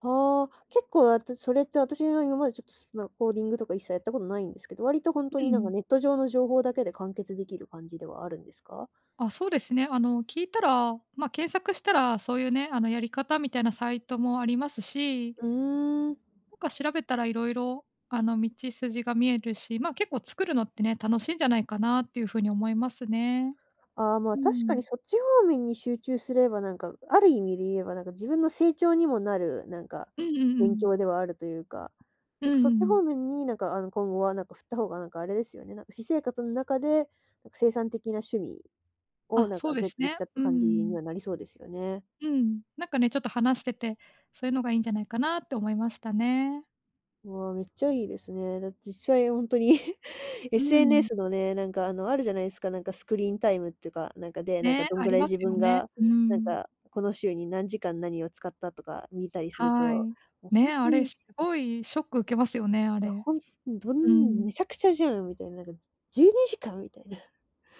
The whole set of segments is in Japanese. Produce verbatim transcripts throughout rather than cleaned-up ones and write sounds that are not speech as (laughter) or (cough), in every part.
ああ、結構私、それって、私は今までちょっと、好きな、コーディングとか一切やったことないんですけど、割とほんとん、にうなんん。か、ネット上の情報だけで完結できる感じではあるんですか？あ、そうですね。あの、聞いたら、ま、検索したら、そういうね、あの、やり方みたいなサイトもありますし。うーん。なんか調べたらいろいろあの、道筋が見えるし、ま、結構作るのってね、楽しいんじゃないかなっていう風に思いますね。あ、ま、う確かにん。そっち方面に集中すれば、なんかある意味で言えば、なんか自分の成長にもなる、なんか、うんうんう勉ん。強ではあるというか、うなんんうかそんっうちん。方面になんかあの、今後はなんか振った方がなんかあれですよね、なんか私生活の中で生産的な趣味、をあ、なんそかうでゲッすトできね、たってうー感じにん。はなりそうですよね。うん、なんかね、ちょっと話してて、そういうのがいんじゃないかなって思いましたね。わあ、めっちゃいいですね。だって実際ほんとに (chuckles) うんうんうん。SNS のね、なんかあの、あるじゃないですか、なんかスクリーンタイムってか、なんかでなんか、ね、どんあぐりらいます自よ分ね。が、うーなんん。か、この週に何時間何を使ったとか見たりするはと、ーい。もうほんね、あとれ、にすごいショック受けますよね、あいや、れ。ほんんどうんん。めちゃくちゃじゃんみたいな、なんか、じゅじゅうにじかんみたいな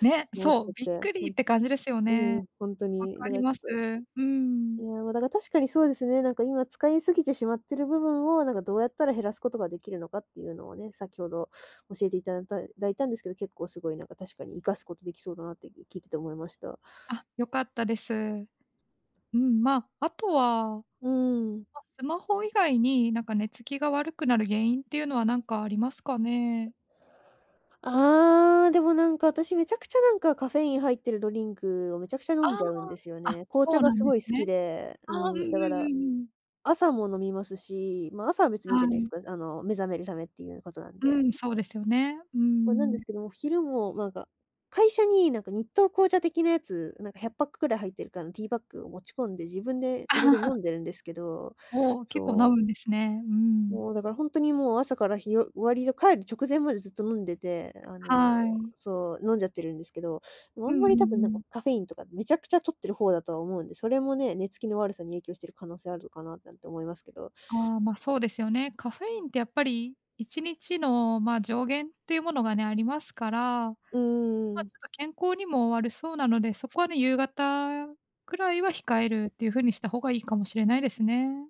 ね、思っそちゃう、っびっくて、うりん、って感じですよ (unintelligible) うね。ん、ほんと分に、かだかりらまちす、ょっと。うん。いやだから確かにそうですね、なんか今使い過ぎてしまってる部分を、なんかどうやったら減らすことが出来るのかっていうのをね、先ほど教えていただだいたんですけど、結構すごいなんか確かに活かすことできそうだなって (unintelligible) 聞いてて思いました。あ、よかったです。うーん、ま、あとは、ま、うーん。スマホ以外に、なんか寝つきが悪くなる原因っていうのは何かありますかね？ああ、でもなんか、私めちゃくちゃなんかカフェイン入ってるドリンクを、めちゃくちゃ飲あんじゃうんですよあ、あ、ね。紅茶そうがなすんでごすい好ね。きで、うああ、うんうんん、だから、うんうん。朝も飲みますし、まあ、朝は別にはいいじゃないですい。か、あの、目覚めるためっていうことなんうで。ん、そうですよね。うーま、なんでん。すけども、昼もなんか、会社になんか日東紅茶的なやつ、何かひゃっパックぐらい入ってるからティーバッグを持ち込んで、自分で入れて飲 (laughs) んでるんですけど、おお、結構そ飲う。むんですね。うーん。もうだからほんとにもう朝から、日を終わりで帰る直前までずっと飲んでて、あの、はーい。そう、飲んじゃってるんですけど、あうんんまうんり多分なんうかん。カフェインとか、滅茶苦茶摂ってる方だとは思うんで、それもね、寝付きの悪さに影響している可能性あるのかななんて思いますけど。ああ、ま、そうですよね。カフェインってやっぱりいちにちのま、上限っていうものがね、ありますから、ま、ちうーょっん。と健康にも悪そうなので、そこはね、夕方くらいは控えるっていう風にした方が、いいかもしれないですね。